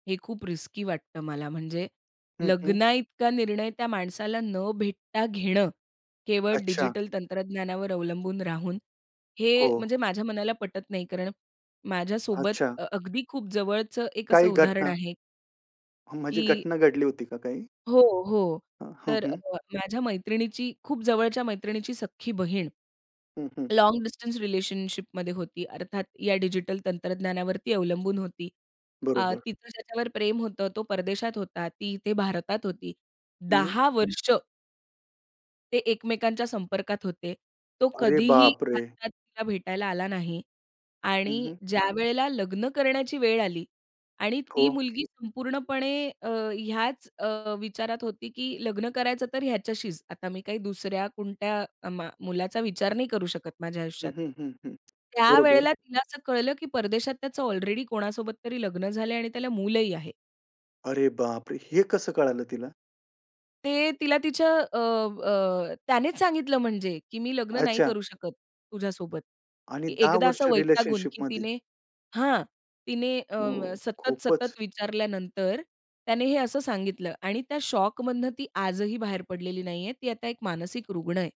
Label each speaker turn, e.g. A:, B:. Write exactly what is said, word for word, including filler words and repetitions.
A: हे खूप रिस्की वाटतं मला, म्हणजे
B: हं, हं.
A: लग्नाइतका निर्णय त्या माणसाला न भेटता घेणं, केवळ
B: अच्छा.
A: डिजिटल तंत्रज्ञानावर अवलंबून राहून, हे
B: हो.
A: म्हणजे माझ्या मनाला पटत नाही, कारण माझ्यासोबत
B: अच्छा.
A: अ अगदी खूप जवळचं एक असं
B: काही
A: उदाहरण
B: घटना
A: आहे.
B: म्हणजे
A: की
B: घटना घडली होती का काही?
A: हो हो.
B: अ, हं,
A: तर अ
B: हं.
A: अ माझ्या मैत्रिणीची खूप जवळच्या मैत्रिणीची सख्खी बहीण.
B: हं, हं.
A: लाँग डिस्टन्स रिलेशनशिप मध्ये होती. अर्थात या डिजिटल तंत्रज्ञानावरती अवलंबून होती. आ
B: बरोबर.
A: तिचं ज्याच्यावर प्रेम होतं तो परदेशात होता. ती इथे भारतात होती.
B: हं.
A: दहा वर्ष ते एकमेकांच्या संपर्कात होते. तो
B: अरे
A: कधीही
B: बापरे!
A: भारतात तिला भेटायला आला नाही.
B: हं,
A: आणि
B: हं.
A: ज्यावेळेला लग्न करण्याची वेळ आली आणि ती
B: हो.
A: मुलगी संपूर्णपणे अ, ह्याच अ, विचारात होती की लग्न करायचं तर ह्याच्याशीच. आता मी काही दुसऱ्या कोणत्या मा मुलाचा विचार नाही करू शकत माझ्या
B: हं,
A: आयुष्यात.
B: हं, हं, हं. बरोबर.
A: त्यावेळेला तिला असं कळलं की परदेशात त्याचं ऑलरेडी कोणासोबत तरी लग्न झालं आहे आणि त्याला मूलही आहे.
B: अरे बापरे! हे कसं कळालं तिला?
A: ते तिला तिच्या अ, अ, त्यानेच सांगितलं, म्हणजे की मी लग्न नाही
B: अच्छा.
A: करू शकत, तुझ्यासोबत.
B: आणि
A: की
B: दहा
A: एकदा
B: वर्ष
A: असं वैतागून की
B: रिलेशनशिपमध्ये
A: तिने हां. तिने
B: ओ
A: अं, सतत,
B: खूपच.
A: सतत विचारल्यानंतर, त्याने हे असं सांगितलं आणि त्या शॉकमधनं ती आजही बाहेर पडलेली नाही आहे. ती आता एक मानसिक रुग्ण आहे.